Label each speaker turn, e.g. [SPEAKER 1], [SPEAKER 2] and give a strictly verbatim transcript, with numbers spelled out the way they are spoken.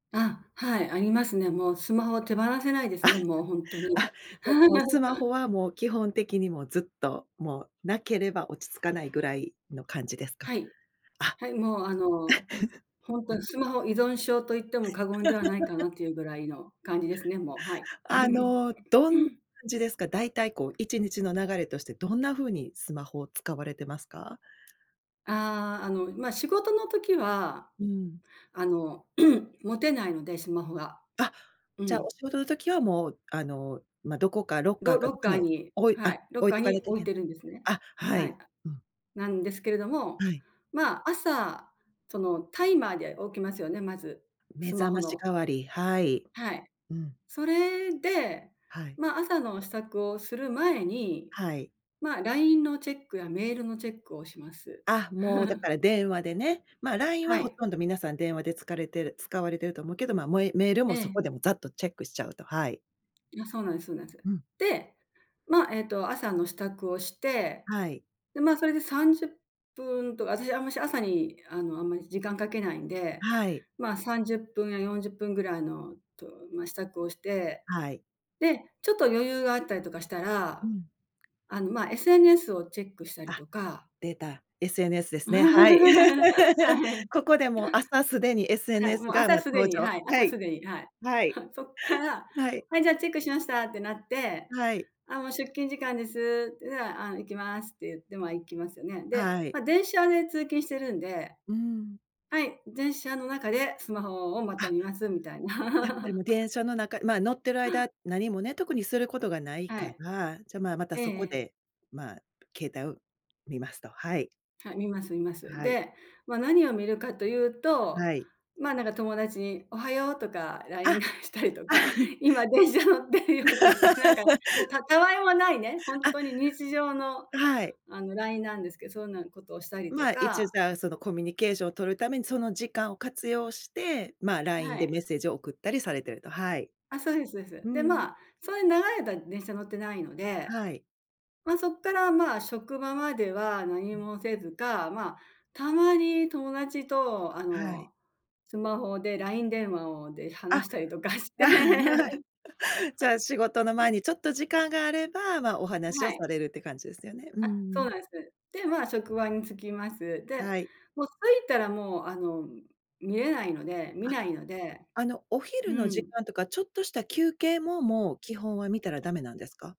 [SPEAKER 1] あ、はい、ありますね。もうスマホを手放せないで
[SPEAKER 2] あ、
[SPEAKER 1] すね、もうほんとに。
[SPEAKER 2] あ、じゃあもうスマホ はもう基本的にもうずっと、もうなければ落ち着かないぐらいの感じですか？
[SPEAKER 1] はい。
[SPEAKER 2] あ
[SPEAKER 1] はい、もうあの、ほん と
[SPEAKER 2] はい。
[SPEAKER 1] にスマホ依存症と言っても過言ではないか なというぐらいの感じですね、もう、はい。
[SPEAKER 2] あの、どん感じですか？大体こういちにちの流れとして、どんな風にスマホを使われてますか？
[SPEAKER 1] ああ、あの、ま、仕事の時は、
[SPEAKER 2] うん。
[SPEAKER 1] あの、持てないので、スマホが。
[SPEAKER 2] あ、
[SPEAKER 1] う
[SPEAKER 2] じゃあ、
[SPEAKER 1] ん。
[SPEAKER 2] お仕事の時はもう、あの、ま、どこかロッカー
[SPEAKER 1] ロ
[SPEAKER 2] か
[SPEAKER 1] ロ
[SPEAKER 2] なん
[SPEAKER 1] ッ
[SPEAKER 2] か
[SPEAKER 1] カー
[SPEAKER 2] に
[SPEAKER 1] に
[SPEAKER 2] 置い
[SPEAKER 1] はい、
[SPEAKER 2] あ、
[SPEAKER 1] ロッ
[SPEAKER 2] 置い
[SPEAKER 1] カー
[SPEAKER 2] とか
[SPEAKER 1] に
[SPEAKER 2] なきゃい
[SPEAKER 1] 置い
[SPEAKER 2] けな
[SPEAKER 1] て
[SPEAKER 2] い
[SPEAKER 1] るんですね。
[SPEAKER 2] あ、は
[SPEAKER 1] はい。
[SPEAKER 2] い。うん。
[SPEAKER 1] なんですけれども、
[SPEAKER 2] はい。
[SPEAKER 1] まあ朝、その、タイマーで起きますよね、まず、
[SPEAKER 2] 目
[SPEAKER 1] スマ
[SPEAKER 2] 覚
[SPEAKER 1] ホ
[SPEAKER 2] まし
[SPEAKER 1] の。
[SPEAKER 2] 代わり、はい。
[SPEAKER 1] はい。
[SPEAKER 2] うん。
[SPEAKER 1] それで、
[SPEAKER 2] はい。
[SPEAKER 1] ま、朝の支度をする前に、
[SPEAKER 2] はい。
[SPEAKER 1] ま、LINE のチェックやメールのチェックをします。
[SPEAKER 2] あ、もうだ から電話でね、ま、LINE
[SPEAKER 1] は
[SPEAKER 2] はほ
[SPEAKER 1] い。
[SPEAKER 2] とんど皆さん電話でつかれてる使われてると思うけど、ま、もう、え、メール
[SPEAKER 1] え
[SPEAKER 2] もそ
[SPEAKER 1] え。
[SPEAKER 2] こでもざっとチェックしちゃうと、はい。
[SPEAKER 1] あ、そうなんすそうなんす。
[SPEAKER 2] うん。
[SPEAKER 1] で、まあ、えっと朝の支度をして、
[SPEAKER 2] はい。
[SPEAKER 1] でまあ、それでさんじゅっぷんとか、私あんまし朝に、あのあんまり時間かけないんで、
[SPEAKER 2] はい。
[SPEAKER 1] まあさんじゅっぷんやよんじゅっぷんぐらいのとま、支度をして、
[SPEAKER 2] はい。
[SPEAKER 1] で、ちょっと余裕があったりとかした
[SPEAKER 2] う
[SPEAKER 1] ら、
[SPEAKER 2] ん。
[SPEAKER 1] あの、ま、SNS をチェックしたり
[SPEAKER 2] あ、
[SPEAKER 1] とか
[SPEAKER 2] 出た、SNS で すね。はい。
[SPEAKER 1] は い。
[SPEAKER 2] ここでも、朝すでに
[SPEAKER 1] はい、
[SPEAKER 2] SNS
[SPEAKER 1] もう
[SPEAKER 2] が、
[SPEAKER 1] 朝
[SPEAKER 2] まあ
[SPEAKER 1] すで
[SPEAKER 2] 登
[SPEAKER 1] に、
[SPEAKER 2] 場。
[SPEAKER 1] はい、
[SPEAKER 2] は
[SPEAKER 1] 朝
[SPEAKER 2] い。
[SPEAKER 1] すでに、はい。
[SPEAKER 2] はい。
[SPEAKER 1] そっから、
[SPEAKER 2] はい。
[SPEAKER 1] はい、じゃあチェックしましたってなって、
[SPEAKER 2] はい。
[SPEAKER 1] ああ、もう出勤時間ですって、ああ、あの行きますって言ってまあ行きますよね。で、
[SPEAKER 2] はい。
[SPEAKER 1] ま、電車で通勤してるんで、
[SPEAKER 2] うん。
[SPEAKER 1] はい、電車の中でスマホをまた
[SPEAKER 2] あ
[SPEAKER 1] 見ます、みたい
[SPEAKER 2] やっぱり
[SPEAKER 1] な。
[SPEAKER 2] もう 電車の中、ま、乗ってる間、何もね、特にすることがない
[SPEAKER 1] は
[SPEAKER 2] か
[SPEAKER 1] い。
[SPEAKER 2] ら、じゃ、まあ、また
[SPEAKER 1] えええ
[SPEAKER 2] そこ
[SPEAKER 1] え。
[SPEAKER 2] で、まあ、携帯を見ますと、はい。
[SPEAKER 1] はい、見ます見ます。
[SPEAKER 2] はい。
[SPEAKER 1] で、ま、何を見るかというと、
[SPEAKER 2] はい。
[SPEAKER 1] ま、なんか友達に「おはよう」とか
[SPEAKER 2] あ、
[SPEAKER 1] LINE
[SPEAKER 2] あ
[SPEAKER 1] 返したりと
[SPEAKER 2] あ。
[SPEAKER 1] か、「今電車乗ってるよ」とか、なんか、もう、たたわいもないね、ほん
[SPEAKER 2] あ
[SPEAKER 1] とに日常の、
[SPEAKER 2] はい。
[SPEAKER 1] あの LINE なんですけど、そんなことをしたりと
[SPEAKER 2] ま、一応
[SPEAKER 1] か。
[SPEAKER 2] じゃあ、そのコミュニケーションを取るためにその時間を活用して、ま、LINE
[SPEAKER 1] は
[SPEAKER 2] で
[SPEAKER 1] い。
[SPEAKER 2] メッセージを送ったりされてると、はい。
[SPEAKER 1] あ、そうですそうです。
[SPEAKER 2] う
[SPEAKER 1] で、
[SPEAKER 2] ん。
[SPEAKER 1] まあ、そんなに長い間電車乗ってないので、
[SPEAKER 2] はい。
[SPEAKER 1] ま、そっからまあ、職場までは何
[SPEAKER 2] うん。
[SPEAKER 1] もせずか、まあ、たまに友達と、あ
[SPEAKER 2] はい。
[SPEAKER 1] の、スマホで LINE 電話をで
[SPEAKER 2] あ、
[SPEAKER 1] 話したりとかし て。
[SPEAKER 2] はい。じゃあ、仕事の 前にちょっと時間があれば、まあ、お
[SPEAKER 1] は
[SPEAKER 2] 話を
[SPEAKER 1] い。
[SPEAKER 2] されるって感じですよね。うー
[SPEAKER 1] あ、そう
[SPEAKER 2] ん。
[SPEAKER 1] なんです。で、ま、職場に着きます。で、
[SPEAKER 2] はい。
[SPEAKER 1] もう着いたらもう、あの、見れないので見
[SPEAKER 2] あ、
[SPEAKER 1] ないので、
[SPEAKER 2] あのお昼
[SPEAKER 1] う
[SPEAKER 2] の時
[SPEAKER 1] ん。
[SPEAKER 2] 間とかちょっとした休憩も、もう基本は見たらダメなんですか？